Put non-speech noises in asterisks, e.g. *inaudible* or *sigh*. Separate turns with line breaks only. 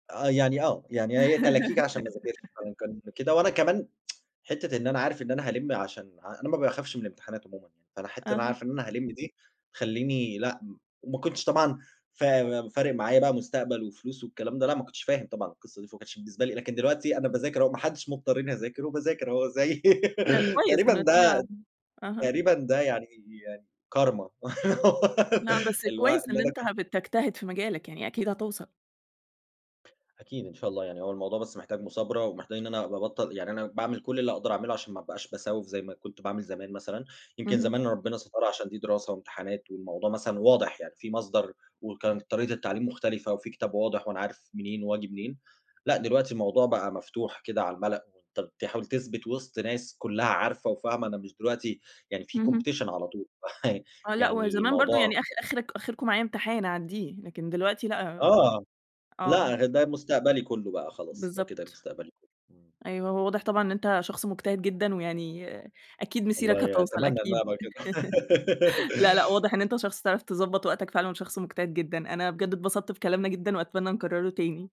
آه، يعني آه، يعني هي تلاكيك عشان ما أذاكرش،
*laughs*
فكان كده. وأنا كمان *tsk* حتّة إن أنا عارف إن أنا هألِم عشان ع أنا ما باخافش من الامتحانات عمومًا يعني، فأنا حتى بابقى
أها.
عارف إن أنا هالم دي تخلّيني لأ م وما كنتش طبعًا فا فارق معايا بقى مستقبل وفلوس والكلام ده، لأ، ما كنتش فاهم طبعًا القصة دي، فما كانش بالنسبة لي لكن دلوقتي أنا باذاكر أهو، ما حدش مضّطرني أذاكره وباذاكر أهو زي
حلو
*laughs*
كويس
تقريبًا ده
النتيجة أها.
تقريبًا ده يعني يعني كارما
لأ، بس
الو *laughs*
كويس
اللي
إن
أنا
أنت
ك
هبت بتجتهد في مجالك، يعني أكيد هتوصل.
أكيد إن شاء الله يعني هو الموضوع بس محتاج مثابرة، ومحتاج إن أنا أبقى أبطّل يعني أنا باعمِل كل اللي أقدر أعمله عشان ما أبقاش بسوّف زي ما كنت باعمل زمان مثلًا، يمكن
اهم.
زمان ربنا سترها عشان دي دراسة وامتحانات والموضوع مثلًا واضح يعني، في مصدر وكانت طريقة التعليم مختلفة وفي كتاب واضح وأنا عارف منين وآجي منين، لأ، دلوقتي موضوع بقى مفتوح كده على المَلأ وأنت بتحاول تثبت وسط ناس كلها عارفة وفاهمة أنا مش دلوقتي يعني في
اهم.
competition على طول، *chuckles*
آه لأ، وهو
يعني
زمان برضه
الموضوع
يعني آخر آخر آخركم معايا امتحان أعدّيه، لكن دلوقتي لأ،
آه،
آه.
لأ ده مستقبلي كله بقى خلاص، ده كده
بالضبط،
مستقبلي كله، إمم.
أيوه هو واضح طبعًا إن أنت شخص مجتهد جدًا ويعني أكيد مسيرك
والله
هتوصل
أتمنى إن أنا
أكيد،
أبقى كده.
*laughs* لأ، لأ
*laughs*
واضح إن أنت شخص بتعرف تضبط وقتك فعلًا وشخص مجتهد جدًا أنا بجد اتبسطت بكلامنا جدًا، وأتمنى نكرره تاني.